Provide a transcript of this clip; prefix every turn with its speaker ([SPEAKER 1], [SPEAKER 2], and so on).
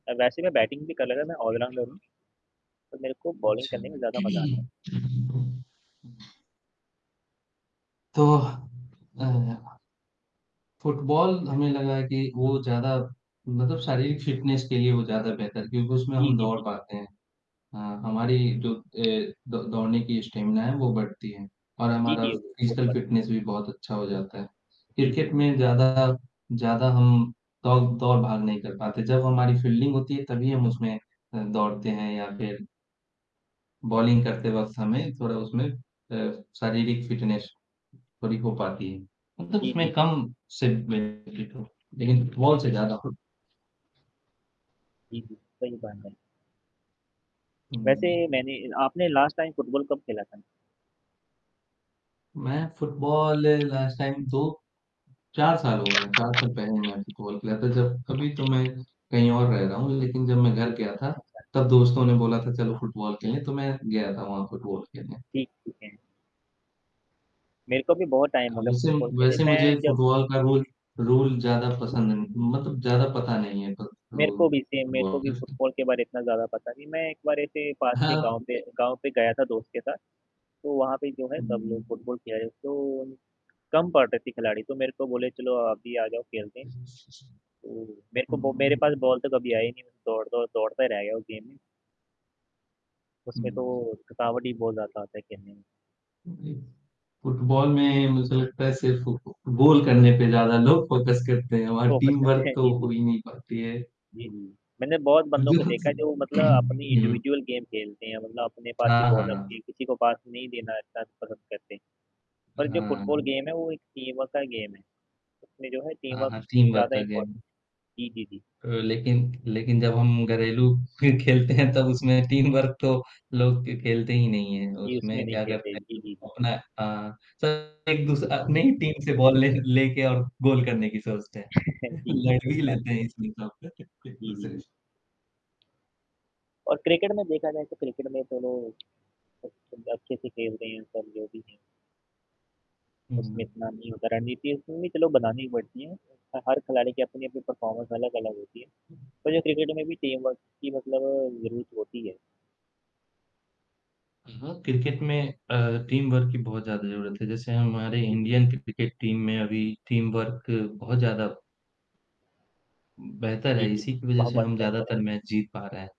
[SPEAKER 1] और वैसे मैं बैटिंग भी कर लेता मैं ऑलराउंडर हूँ पर मेरे को बॉलिंग
[SPEAKER 2] अच्छा,
[SPEAKER 1] करने में ज़्यादा मज़ा आता है।
[SPEAKER 2] तो अ फुटबॉल हमें लगा है कि वो ज़्यादा मतलब शारीरिक फ़िटनेस के लिए वो ज़्यादा बेहतर क्योंकि उसमें
[SPEAKER 1] जी,
[SPEAKER 2] हम
[SPEAKER 1] जी,
[SPEAKER 2] दौड़
[SPEAKER 1] जी।
[SPEAKER 2] पाते हैं। हाँ, हमारी जो ए, द दौड़ने की स्टेमिना है वो बढ़ती है और
[SPEAKER 1] जी,
[SPEAKER 2] हमारा
[SPEAKER 1] जी,
[SPEAKER 2] फिज़िकल
[SPEAKER 1] [unintelligible]
[SPEAKER 2] फ़िटनेस भी बहुत अच्छा हो जाता है।
[SPEAKER 1] जी, जी,
[SPEAKER 2] क्रिकेट
[SPEAKER 1] जी।
[SPEAKER 2] में ज़्यादा ज़्यादा हम दौ दौर भाग नहीं कर पाते जब हमारी फ़ील्डिंग होती है तभी हम उसमें अ, दौड़ते हैं या फिर बॉलिंग करते वक़्त हमें थोड़ा उसमें अ, शारीरिक फ़िटनेस थोड़ी हो पाती है मतलब
[SPEAKER 1] जी,
[SPEAKER 2] उसमें
[SPEAKER 1] जी, जी।
[SPEAKER 2] कम [unintelligible] लेकिन बॉल से ज़्यादा हो
[SPEAKER 1] जी, जी, सही बानने वैसे
[SPEAKER 2] हुँ, जी।
[SPEAKER 1] मैंने आपने लास्ट टाइम फुटबॉल कब खेला था?
[SPEAKER 2] मैं फुटबॉल लास्ट टाइम 2 4 साल हो गए, 4 साल पहले मैं फुटबॉल खेला था जब अभी तो मैं कहीं और रह रहा हूँ लेकिन जब मैं घर गया था
[SPEAKER 1] ठीक है।
[SPEAKER 2] तब दोस्तों ने बोला था, "चलो फुटबॉल खेलें" तो मैं गया था वहाँ फुटबॉल खेलने।
[SPEAKER 1] ठीक होते हैं। मेरे को भी बहुत टाइम हो
[SPEAKER 2] अब
[SPEAKER 1] गया
[SPEAKER 2] वैसे अम,
[SPEAKER 1] फुटबॉल खेले
[SPEAKER 2] वैसे
[SPEAKER 1] मैं
[SPEAKER 2] मुझे
[SPEAKER 1] जब
[SPEAKER 2] फुटबॉल का रोल रूल ज़्यादा पसंद ना मतलब ज़्यादा पता नहीं है क
[SPEAKER 1] मेरे को
[SPEAKER 2] रूल
[SPEAKER 1] भी सेम मेरे को भी
[SPEAKER 2] [unintelligible]
[SPEAKER 1] फुटबॉल के बार इतना ज़्यादा पता नहीं मैं एक बार इसे पास के
[SPEAKER 2] हाँ।
[SPEAKER 1] गाँव पे गाँव पे गया था दोस्त के साथ, तो वहाँ पे जो है
[SPEAKER 2] हुँ,
[SPEAKER 1] सब
[SPEAKER 2] हुँ,
[SPEAKER 1] लोग
[SPEAKER 2] हुँ।
[SPEAKER 1] फुटबॉल खेल रहे तो कम पड़ रहे थे खिलाड़ी तो मेरे को बोले चलो आप भी आ जाओ खेलते हैं तो मेरे को
[SPEAKER 2] हुँ,
[SPEAKER 1] बो
[SPEAKER 2] हुँ,
[SPEAKER 1] मेरे
[SPEAKER 2] हुँ।
[SPEAKER 1] पास बॉल तो कभी आई नहीं दौड़-दौड़ दौड़ता ही रह गया उस गेम में। उसमें तो
[SPEAKER 2] हुँ।
[SPEAKER 1] थकावट भी बहुत ज़्यादा आता है खेलने में।
[SPEAKER 2] उम, जी। फुटबॉल में मुझे लगता है सिर्फ़ ग गोल करने पे ज़्यादा लोग फ़ोकस करते हैं और
[SPEAKER 1] फ़ोकस
[SPEAKER 2] टीम
[SPEAKER 1] करते
[SPEAKER 2] वर्क
[SPEAKER 1] हैं
[SPEAKER 2] तो
[SPEAKER 1] जी,
[SPEAKER 2] हो
[SPEAKER 1] जी।
[SPEAKER 2] ही नहीं पाती है।
[SPEAKER 1] जी, जी। मैंने बहुत
[SPEAKER 2] अ,
[SPEAKER 1] बंदों
[SPEAKER 2] जी,
[SPEAKER 1] को
[SPEAKER 2] हाँ
[SPEAKER 1] देखा है जो
[SPEAKER 2] जी,
[SPEAKER 1] मतलब अपनी
[SPEAKER 2] हुँ।
[SPEAKER 1] इंडिविजुअल गेम खेलते हैं मतलब अपने पास ही
[SPEAKER 2] हाँ,
[SPEAKER 1] बॉल होती है
[SPEAKER 2] हाँ।
[SPEAKER 1] किसी को पास नहीं देना [unintelligible] करते और
[SPEAKER 2] हाँ,
[SPEAKER 1] जो फुटबॉल
[SPEAKER 2] हाँ।
[SPEAKER 1] गेम है वो एक टीम वर्क का गेम है। उसने जो है टीम
[SPEAKER 2] हाँ,
[SPEAKER 1] वर्क
[SPEAKER 2] हाँ, टीम वर्क
[SPEAKER 1] ज़्यादा
[SPEAKER 2] का
[SPEAKER 1] इम्पॉर्ट
[SPEAKER 2] गेम
[SPEAKER 1] जी, जी, जी।
[SPEAKER 2] अ, लेकिन लेकिन जब हम घरेलू फ़िर खेलते हैं तब उसमें टीम वर्क तो लोग क खेलते ही नहीं हैं,
[SPEAKER 1] जी, उसमें
[SPEAKER 2] उसमें
[SPEAKER 1] नहीं
[SPEAKER 2] क्या
[SPEAKER 1] खेलते,
[SPEAKER 2] करते
[SPEAKER 1] जी, जी,
[SPEAKER 2] हैं
[SPEAKER 1] जी।
[SPEAKER 2] अपना अ, सब एक दूस अपनी ही टीम से बॉल ले लेके और गोल करने की सोचते हैं,
[SPEAKER 1] जी, जी
[SPEAKER 2] लड़
[SPEAKER 1] सही
[SPEAKER 2] भी
[SPEAKER 1] बात।
[SPEAKER 2] लेते हैं इसमें सबका [unintelligible]
[SPEAKER 1] जी, जी,
[SPEAKER 2] एक-दूसरे
[SPEAKER 1] जी।
[SPEAKER 2] से।
[SPEAKER 1] और क्रिकेट में देखा जाए तो क्रिकेट में तो लो अच्छा अच्छे से खेलते हैं सब जो भी हैं। उसमें
[SPEAKER 2] हुँ।
[SPEAKER 1] इतना नहीं होता रणनीति उसमे भी चलो बनानी पड़ती है। ह हर खिलाड़ी की अपनी-अपनी परफॉर्मेंस अलग-अलग होती है पर जो क्रिकेट में भी टीम वर्क की मतलब ज़रूरत होती है।
[SPEAKER 2] हाँ, हाँ, क्रिकेट में अ, टीम वर्क की बहुत ज़्यादा ज़रूरत है जैसे हमारे
[SPEAKER 1] हुँ, हुँ।
[SPEAKER 2] इंडियन कि क्रिकेट टीम में अभी टीम वर्क बहुत ज़्यादा बेहतर
[SPEAKER 1] जी,
[SPEAKER 2] है
[SPEAKER 1] जी,
[SPEAKER 2] इसी की वज़ह
[SPEAKER 1] वह
[SPEAKER 2] से
[SPEAKER 1] बात
[SPEAKER 2] हम
[SPEAKER 1] कैसे रहें
[SPEAKER 2] ज़्यादातर मैच जीत पा रहे हैं।